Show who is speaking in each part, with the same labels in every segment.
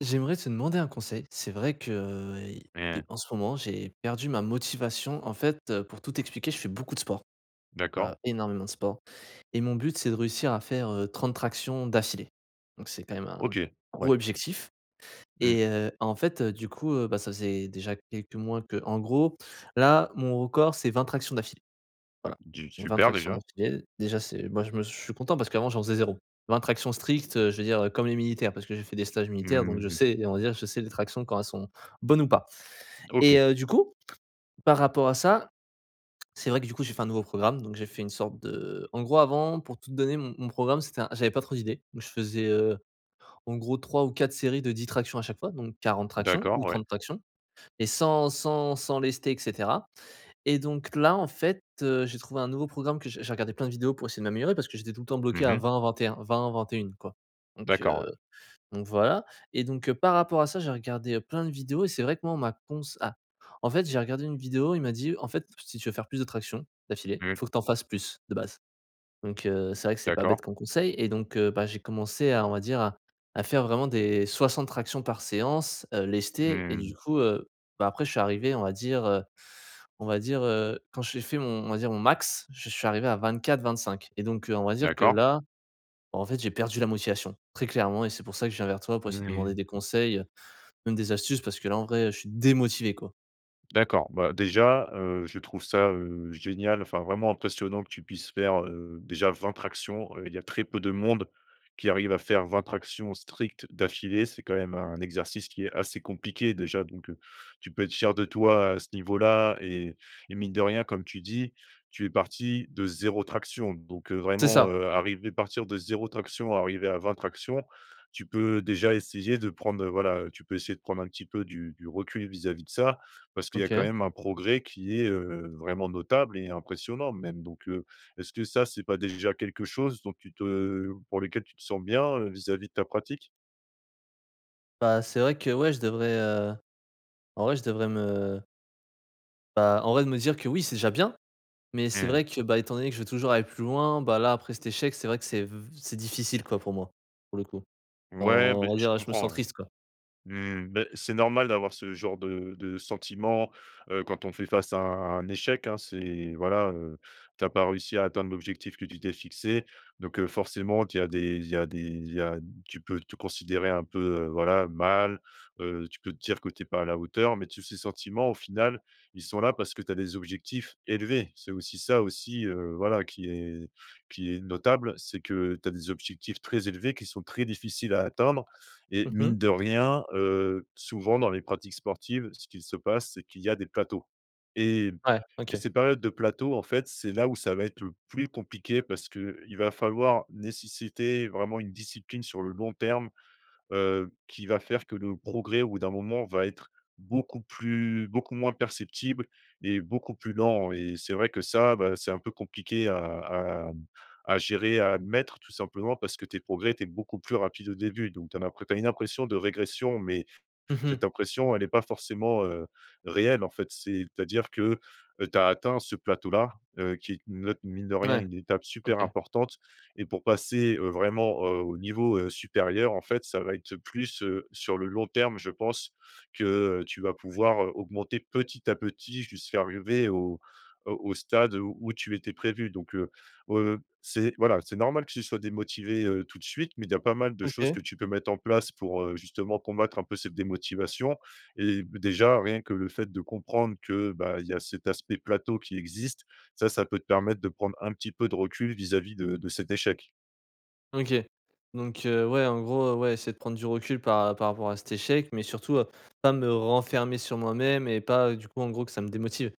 Speaker 1: J'aimerais te demander un conseil. C'est vrai que, heu, de
Speaker 2: Mais
Speaker 1: en ce moment, j'ai perdu ma motivation. En fait, heu, pour tout expliquer, je fais beaucoup de sport,
Speaker 2: D'accord.
Speaker 1: voilà, énormément de sport et mon but, c'est de réussir à faire, heu, 30 tractions d'affilée, donc c'est quand même un
Speaker 2: OK.
Speaker 1: gros
Speaker 2: Ouais.
Speaker 1: objectif
Speaker 2: Mmh.
Speaker 1: et heu, en fait, heu du coup, heu, bah, ça faisait déjà quelques mois qu'en gros, là, mon record, c'est 20 tractions d'affilée, voilà.
Speaker 2: Du
Speaker 1: Donc, 20
Speaker 2: super
Speaker 1: tractions
Speaker 2: déjà.
Speaker 1: d'affilée, déjà, c'est moi, je me s je suis content parce qu'avant, j'en faisais 0. 20 tractions strictes, heu, je veux dire, heu, comme les militaires parce que j'ai fait des stages militaires donc
Speaker 2: Mmh
Speaker 1: je
Speaker 2: mh.
Speaker 1: sais et on va dire, je sais les tractions quand elles sont bonnes ou pas
Speaker 2: OK.
Speaker 1: et heu, du coup, par rapport à ça, c'est vrai que du coup, j'ai fait un nouveau programme donc j'ai fait une sorte de en gros, avant, pour tout de donner mon mon programme, c'était un j'avais pas trop d'idées, donc je faisais, heu, en gros 3 ou 4 séries de 10 tractions à chaque fois donc 40 tractions
Speaker 2: D'accord,
Speaker 1: ou
Speaker 2: ouais.
Speaker 1: 30 tractions et sans sans sans lester, et cetera et donc là, en fait, heu, j'ai trouvé un nouveau programme que j'ai j'ai regardé plein de vidéos pour essayer de m'améliorer parce que j'étais tout le temps bloqué
Speaker 2: Mmh
Speaker 1: à
Speaker 2: mh.
Speaker 1: 20-21-20-21 quoi donc,
Speaker 2: D'accord, ouais.
Speaker 1: heu, donc voilà et donc, heu, par rapport à ça, j'ai regardé, heu, plein de vidéos et c'est vrai que moi on m'a cons ah, en fait, j'ai regardé une vidéo, il m'a dit: «En fait, si tu veux faire plus de tractions d'affilée,
Speaker 2: Mmh.
Speaker 1: il faut que tu en fasses plus de base» Donc, heu, c'est vrai que c'est pas
Speaker 2: D'accord.
Speaker 1: bête comme conseil, et donc, heu, bah, j'ai commencé à, on va dire, à à faire vraiment des 60 tractions par séance, heu, lesté et du
Speaker 2: Mmh.
Speaker 1: coup, heu, bah, après je suis arrivé, on va dire, heu, on va dire, heu, quand j'ai fait mon on va dire mon max, je suis arrivé à 24-25 et donc, heu, on va dire que
Speaker 2: D'accord.
Speaker 1: là, en fait, j'ai perdu la motivation. Très clairement et c'est pour ça que je viens vers toi pour essayer de te
Speaker 2: Mmh.
Speaker 1: demander des conseils, heu, même des astuces parce que là, en vrai, je suis démotivé, quoi.
Speaker 2: D'accord. Bah, déjà, heu, je trouve ça, heu, génial, enfin vraiment impressionnant que tu puisses faire, heu, déjà 20 tractions. Il y a très peu de monde qui arrive à faire 20 tractions strictes d'affilée. C'est quand même un exercice qui est assez compliqué déjà donc, heu, tu peux être fier de toi à ce niveau là et et mine de rien, comme tu dis, tu es parti de 0 traction donc, heu,
Speaker 1: C'est
Speaker 2: vraiment,
Speaker 1: ça!
Speaker 2: heu, arriver partir de 0 traction arriver à 20 tractions, tu peux déjà essayer de prendre, heu, voilà, heu, tu peux essayer de prendre un petit peu du du recul vis-à-vis de ça parce qu'il y a quand
Speaker 1: OK.
Speaker 2: même un progrès qui est, heu, vraiment notable et impressionnant même donc, heu, est-ce que ça c'est pas déjà quelque chose dont tu te pour lequel tu te sens bien, heu, vis-à-vis de ta pratique?
Speaker 1: Bah, c'est vrai que, ouais, je devrais, heu, en vrai, je devrais me bah, en vrai, de me dire que oui, c'est déjà bien. Mais c'est
Speaker 2: Mmh.
Speaker 1: vrai que, bah, étant donné que je veux toujours aller plus loin, bah là, après cet échec, c'est vrai que c'est v c'est difficile, quoi, pour moi, pour le coup. Enfin,
Speaker 2: Ouais, beh,
Speaker 1: on va
Speaker 2: je
Speaker 1: dire, je me sens
Speaker 2: comprends, ouais.
Speaker 1: triste, quoi.
Speaker 2: Mmh, mais, c'est normal d'avoir ce genre de de sentiment, heu, quand on fait face à un un échec, hein. C'est, voilà, heu, tu as pas réussi à atteindre l'objectif que tu t'es fixé. Donc, heu, forcément, tu as des il y a des il y a tu peux te considérer un peu, heu, voilà, mal. Heu, peux te dire que tu es pas à la hauteur, mais tous ces sentiments, au final, ils sont là parce que tu as des objectifs élevés. C'est aussi ça, aussi, heu, voilà, qui est qui est notable, c'est que tu as des objectifs très élevés qui sont très difficiles à atteindre et
Speaker 1: Mmh mh.
Speaker 2: mine de rien, heu, souvent, dans les pratiques sportives, ce qu'il se passe, c'est qu'il y a des plateaux et
Speaker 1: Ouais
Speaker 2: et
Speaker 1: OK.
Speaker 2: ces périodes de plateau, en fait, c'est là où ça va être le plus compliqué parce qu'il va falloir nécessiter vraiment une discipline sur le long terme, heu, qui va faire que le progrès, au bout d'un moment, va être beaucoup plus beaucoup moins perceptible et beaucoup plus lent et c'est vrai que ça, bah, c'est un peu compliqué à à à gérer, à admettre, tout simplement, parce que tes progrès étaient beaucoup plus rapides au début. Donc, tu as l'impr tu as une impression de régression, mais
Speaker 1: Mmh mh.
Speaker 2: cette impression, elle est pas forcément, heu, réelle, en fait. C'est à dire que, heu, tu as atteint ce plateau-là, heu, qui est ne t mine de rien,
Speaker 1: Mouais,
Speaker 2: une étape super
Speaker 1: OK.
Speaker 2: importante et pour passer, heu, vraiment, heu, au niveau, heu, supérieur, en fait, ça va être plus, heu, sur le long terme, je pense, que, heu, tu vas pouvoir, heu, augmenter petit à petit jusqu'à arriver au, heu, au stade, heu, où tu étais prévu. Donc, heu, heu, c'est, voilà, c'est normal que tu sois démotivé, heu, tout de suite, mais il y a pas mal de choses
Speaker 1: OK.
Speaker 2: que tu peux mettre en place pour, heu, justement, combattre un peu cette démotivation et b déjà, rien que le fait de comprendre que, bah, il y a cet aspect plateau qui existe, ça ça peut te permettre de prendre un petit peu de recul vis-à-vis de de cet échec.
Speaker 1: OK donc, heu, ouais, en gros, heu, ouais, essayer de prendre du recul par par rapport à cet échec, mais surtout, heu, pas me renfermer sur moi-même et pas, heu, du coup en gros que ça me démotive.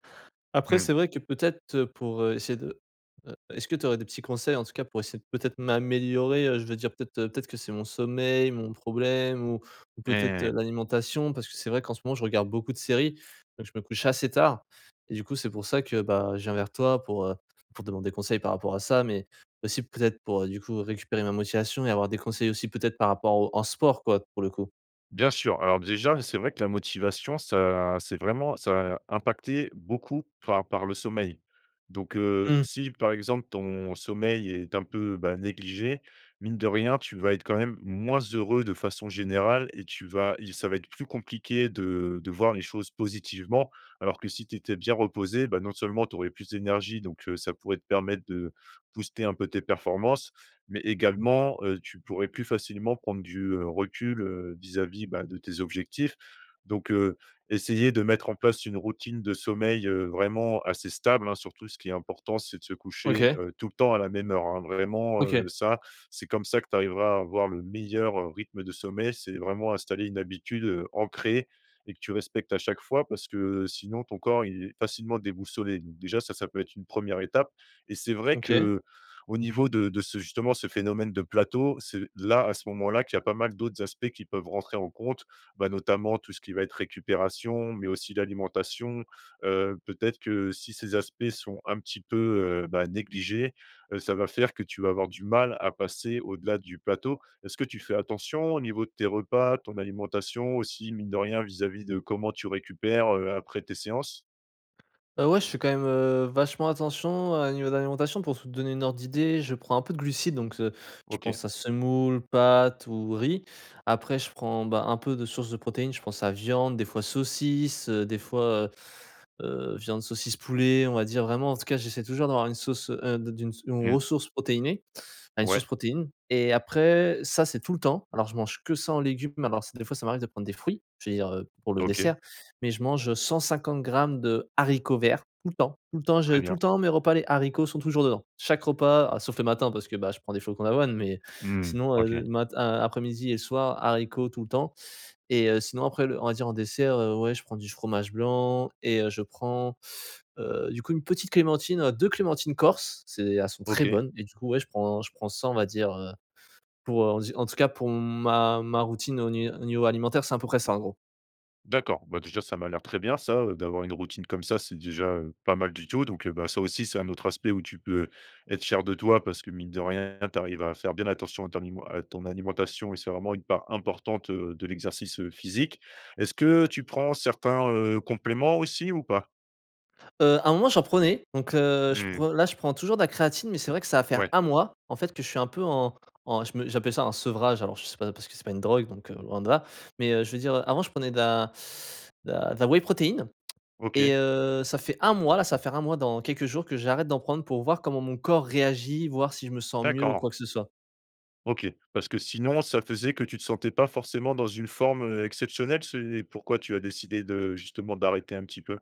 Speaker 1: Après
Speaker 2: Mmh.
Speaker 1: c'est vrai que peut-être, heu, pour, heu, essayer de heu, est-ce que tu aurais des petits conseils en tout cas pour essayer peut-être m'améliorer, heu, je veux dire peut-être, heu, peut-être que c'est mon sommeil, mon problème ou ou
Speaker 2: Et
Speaker 1: peut-être, heu,
Speaker 2: ouais.
Speaker 1: l'alimentation. Parce que c'est vrai qu'en ce moment je regarde beaucoup de séries, donc je me couche assez tard et du coup c'est pour ça que, ben, je viens vers toi pour, heu, pour demander conseil par rapport à ça, mais aussi peut-être pour, heu, du coup récupérer ma motivation et avoir des conseils aussi peut-être par rapport au en sport quoi, pour le coup.
Speaker 2: Bien sûr, alors déjà, c'est vrai que la motivation ça c'est vraiment ça impacter beaucoup par par le sommeil. Donc, heu,
Speaker 1: Mmh.
Speaker 2: si par exemple ton sommeil est un, peu, bah, négligé, mine de rien, tu vas être quand même moins heureux de façon générale et tu vas il ça va être plus compliqué de de voir les choses positivement. Alors que si tu étais bien reposé, bah, non seulement tu aurais plus d'énergie, donc, heu, ça pourrait te permettre de booster un peu tes performances, mais également, heu, tu pourrais plus facilement prendre du, heu, recul, heu, vis-à-vis bah de tes objectifs. Donc heu, essayer de mettre en place une routine de sommeil, heu, vraiment assez stable, hein, surtout ce qui est important, c'est de se coucher,
Speaker 1: OK.
Speaker 2: heu, tout le temps à la même heure hein, vraiment heu,
Speaker 1: OK.
Speaker 2: ça c'est comme ça que tu arriveras à avoir le meilleur, heu, rythme de sommeil. C'est vraiment installer une habitude, heu, ancrée et que tu respectes à chaque fois parce que, heu, sinon ton corps, il est facilement déboussolé. Donc déjà ça, ça peut être une 1re étape et c'est vrai
Speaker 1: OK.
Speaker 2: qu'au niveau de de ce justement, ce phénomène de plateau, c'est là, à ce moment-là, qu'il y a pas mal d'autres aspects qui peuvent rentrer en compte, bah, notamment tout ce qui va être récupération mais aussi l'alimentation, heu, peut-être que si ces aspects sont un petit peu, heu, bah, négligés, heu, ça va faire que tu vas avoir du mal à passer au-delà du plateau. Est-ce que tu fais attention au niveau de tes repas, ton alimentation aussi, mine de rien vis-à-vis de comment tu récupères, heu, après tes séances?
Speaker 1: Bah ouais, je fais quand même, heu, vachement attention à au niveau de l'alimentation. Pour te donner une ordre d'idée je prends un peu de glucides, donc, heu, je
Speaker 2: OK.
Speaker 1: pense à semoule, pâtes ou riz. Après je prends, ben, un peu de source de protéines, je pense à viande, des fois saucisse, des fois, heu heu, viande, saucisse, poulet, on va dire vraiment, en tout cas, j'essaie toujours d'avoir une sauce, heu, de d'une une
Speaker 2: Mmh.
Speaker 1: ressource protéinée, enfin une
Speaker 2: Ouais.
Speaker 1: source protéine et après ça c'est tout le temps. Alors je mange que sans légumes mais alors c des fois ça m'arrive de prendre des fruits, je veux dire, heu, pour le dessert,
Speaker 2: OK.
Speaker 1: mais je mange, heu, 150 grammes de haricots verts, tout le temps, tout le temps je
Speaker 2: Très
Speaker 1: tout le
Speaker 2: bien.
Speaker 1: temps mes repas, les haricots sont toujours dedans. Chaque repas ah sauf le matin parce que, bah, je prends des flocons d'avoine, mais,
Speaker 2: Mmh.
Speaker 1: sinon, heu,
Speaker 2: OK.
Speaker 1: mat a après-midi et soir, haricots tout le temps, et heu, sinon après le on va dire en dessert, heu, ouais je prends du fromage blanc, et heu, je prends, heu, du coup 1 petite clémentine, heu, 2 clémentines corses. C'est elles sont très
Speaker 2: OK.
Speaker 1: bonnes, et du coup ouais je prends je prends ça on va dire, heu, pour, heu on va dire en tout cas pour ma ma routine au ni au niveau alimentaire, c'est à peu près ça en gros.
Speaker 2: D'accord, bah, déjà ça m'a l'air très bien ça, heu, d'avoir une routine comme ça, c'est déjà, heu, pas mal du tout donc, heu, bah, ça aussi, c'est un autre aspect où tu peux être fier de toi parce que, mine de rien, tu arrives à faire bien attention à ton nimen à ton alimentation et c'est vraiment une part importante, heu, de l'exercice physique. Est-ce que tu prends certains, heu, compléments aussi ou pas?
Speaker 1: Heu, un moment j'en prenais, donc, heu je
Speaker 2: Mmh.
Speaker 1: prend là je prends toujours de la créatine, mais c'est vrai que ça va faire
Speaker 2: Ouais.
Speaker 1: 1 mois, en fait que je suis un peu en en je me j'appelle ça un sevrage, alors je sais pas parce que c'est pas une drogue, donc, heu, loin de là, mais, heu, je veux dire, heu, avant je prenais de la de la de la whey protéine, et
Speaker 2: OK.
Speaker 1: heu, ça fait 1 mois là ça va faire 1 mois là dans quelques jours, que j'arrête d'en prendre pour voir comment mon corps réagit voir si je me sens mieux ou
Speaker 2: D'accord.
Speaker 1: quoi que ce soit.
Speaker 2: OK parce que sinon ça faisait que tu te sentais pas forcément dans une forme, heu, exceptionnelle? C'est pourquoi tu as décidé de justement d'arrêter un petit peu?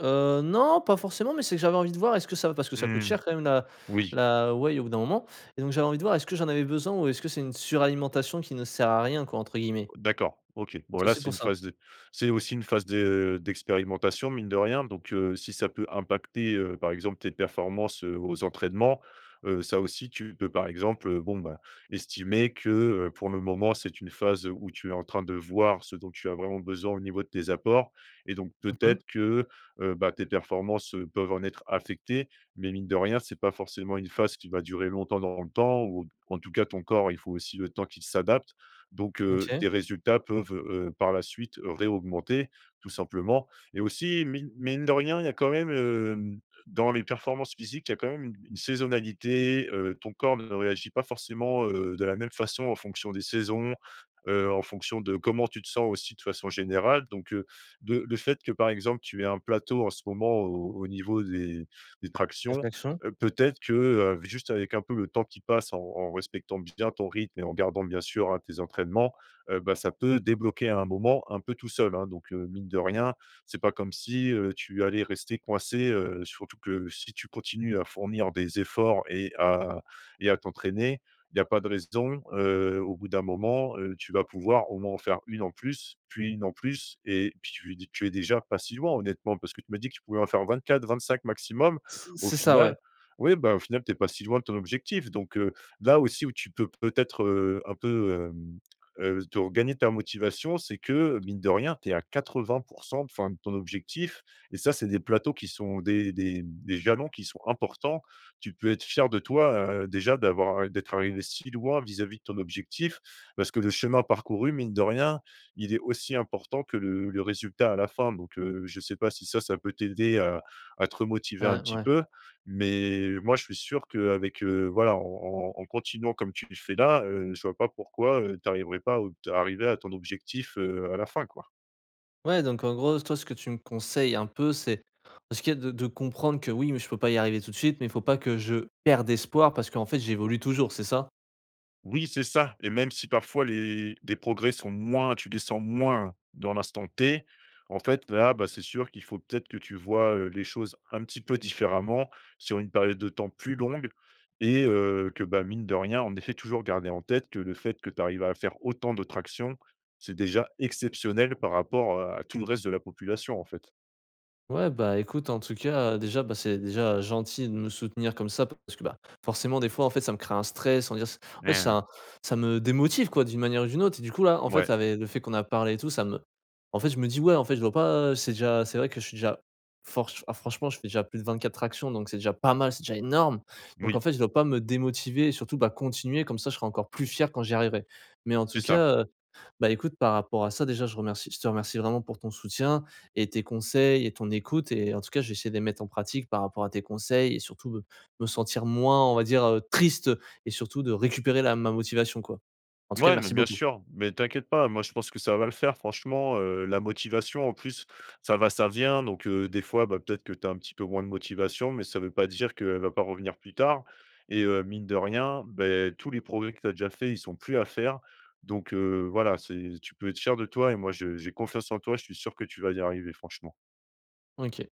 Speaker 1: Heu, non, pas forcément, mais c'est que j'avais envie de voir est-ce que ça va parce que ça coûte
Speaker 2: Mmh,
Speaker 1: cher quand même, la
Speaker 2: oui.
Speaker 1: la whey au bout d'un moment et donc j'avais envie de voir est-ce que j'en avais besoin, ou est-ce que c'est une suralimentation qui «ne sert à rien quoi», entre guillemets?
Speaker 2: D'accord OK. Bon
Speaker 1: C'est
Speaker 2: là
Speaker 1: aussi
Speaker 2: c'est
Speaker 1: pour
Speaker 2: une
Speaker 1: ça.
Speaker 2: phase de c'est aussi une phase de d'expérimentation mine de rien donc, heu, si ça peut impacter, heu, par exemple tes performances, heu, aux entraînements, heu, ça aussi tu peux par exemple, heu, bon ben estimer que, heu, pour le moment, c'est une phase où tu es en train de voir ce dont tu as vraiment besoin au niveau de tes apports, et donc
Speaker 1: Mmh mh.
Speaker 2: peut-être que, heu, bah, tes performances, heu, peuvent en être affectées mais mine de rien c'est pas forcément une phase qui va durer longtemps dans le temps ou, en tout cas ton corps il faut aussi le temps qu'il s'adapte, donc, heu,
Speaker 1: OK.
Speaker 2: tes résultats peuvent, heu, par la suite, réaugmenter, tout simplement, et aussi mi mine de rien il y a quand même, hem dans les performances physiques. Il y a quand même une une saisonnalité, heu, ton corps ne réagit pas forcément, heu, de la même façon en fonction des saisons, heu, en fonction de comment tu te sens aussi de façon générale, donc, heu, de le fait que par exemple tu aies un plateau en ce moment au au niveau des des tractions,
Speaker 1: [unintelligible]
Speaker 2: heu, peut-être que, heu, juste avec un peu le temps qui passe en en respectant bien ton rythme et en gardant bien sûr hein, tes entraînements, heu, bah ça peut débloquer à un moment un peu tout seul hein donc, heu, mine de rien c'est pas comme si, heu, tu allais rester coincé, heu, surtout que si tu continues à fournir des efforts et à et à t'entraîner, il y a pas de raison, heu, au bout d'un moment, heu, tu vas pouvoir au moins en faire 1 en plus, puis 1 en plus, et puis tu es tu es déjà pas si loin honnêtement, parce que tu m'as dit que tu pouvais en faire 24-25 maximum.
Speaker 1: C
Speaker 2: Au
Speaker 1: c'est ça ouais.
Speaker 2: final oui ben au final tu es pas si loin de ton objectif donc, heu là aussi où tu peux peut-être, heu, un peu, hem, heu, te regagner ta motivation, c'est que, mine de rien, tu es à 80 % enfin de ton objectif, et ça, c'est des plateaux qui sont des des des jalons qui sont importants. Tu peux être fier de toi, heu, déjà d'avoir d'être arrivé si loin vis-à-vis de ton objectif, parce que le chemin parcouru, mine de rien, il est aussi important que le le résultat à la fin donc, heu, je sais pas si ça ça peut t'aider à à te
Speaker 1: Et
Speaker 2: remotiver un petit
Speaker 1: ouais.
Speaker 2: peu, mais moi je suis sûr qu'avec, heu voilà, en en en continuant comme tu fais là, heu, je vois pas pourquoi, heu, tu arriverais pas au t à arriver à ton objectif, heu, à la fin quoi.
Speaker 1: Ouais donc en gros toi ce que tu me conseilles un peu c'est ce qui est de de comprendre que: «Oui, mais je peux pas y arriver tout de suite, mais il faut pas que je perde espoir parce qu'en fait, j'évolue toujours», c'est ça?
Speaker 2: Oui, c'est ça, et même si parfois les des progrès sont moins tu les sens moins dans l'instant T, en fait là, bah, c'est sûr qu'il faut peut-être que tu vois, heu, les choses un petit peu différemment sur une période de temps plus longue et heu, que bah mine de rien. En effet toujours garder en tête que le fait que tu arrives à faire autant de tractions, c'est déjà exceptionnel par rapport, heu, à tout le reste de la population en fait.
Speaker 1: Ouais bah écoute en tout cas, heu, déjà bah, c'est déjà gentil de me soutenir comme ça parce que, bah, forcément des fois en fait ça me crée un stress, on va dire c en fait
Speaker 2: Mais, heu
Speaker 1: ça ça me démotive quoi d'une manière ou d'une autre et du coup là en fait,
Speaker 2: Ouais.
Speaker 1: avec le fait qu'on a parlé et tout, ça me en fait je me dis: «Ouais, en fait, je dois pas, heu, c'est déjà, c'est vrai que je suis déjà forch ah franchement je fais déjà plus de 24 tractions donc c'est déjà pas mal, c'est déjà énorme, donc en
Speaker 2: Oui.
Speaker 1: fait je dois pas me démotiver surtout, bah, continuer comme ça je serai encore plus fier quand j'y arriverai», mais en tout
Speaker 2: C'est ça!
Speaker 1: cas, heu, bah écoute par rapport à ça déjà je remercie je te remercie vraiment pour ton soutien et tes conseils et ton écoute, et en tout cas, je vais essayer de les mettre en pratique par rapport à tes conseils et surtout me me sentir moins on va dire, heu, triste et surtout de récupérer la ma motivation quoi. En-tout-cas
Speaker 2: Mouais, mais
Speaker 1: merci
Speaker 2: bien
Speaker 1: beaucoup!
Speaker 2: sûr, mais t'inquiète pas, moi je pense que ça va le faire franchement, heu, la motivation en plus, ça va, ça vient donc, heu, des fois bah peut-être que tu as un petit peu moins de motivation, mais ça veut pas dire qu'elle va pas revenir plus tard, et heu, mine de rien, beh, tous les progrès que tu as déjà fait, ils sont plus à faire, donc heu, voilà, c'est tu peux être fier de toi et moi, je j'ai confiance en toi, je suis sûr que tu vas y arriver franchement.
Speaker 1: OK.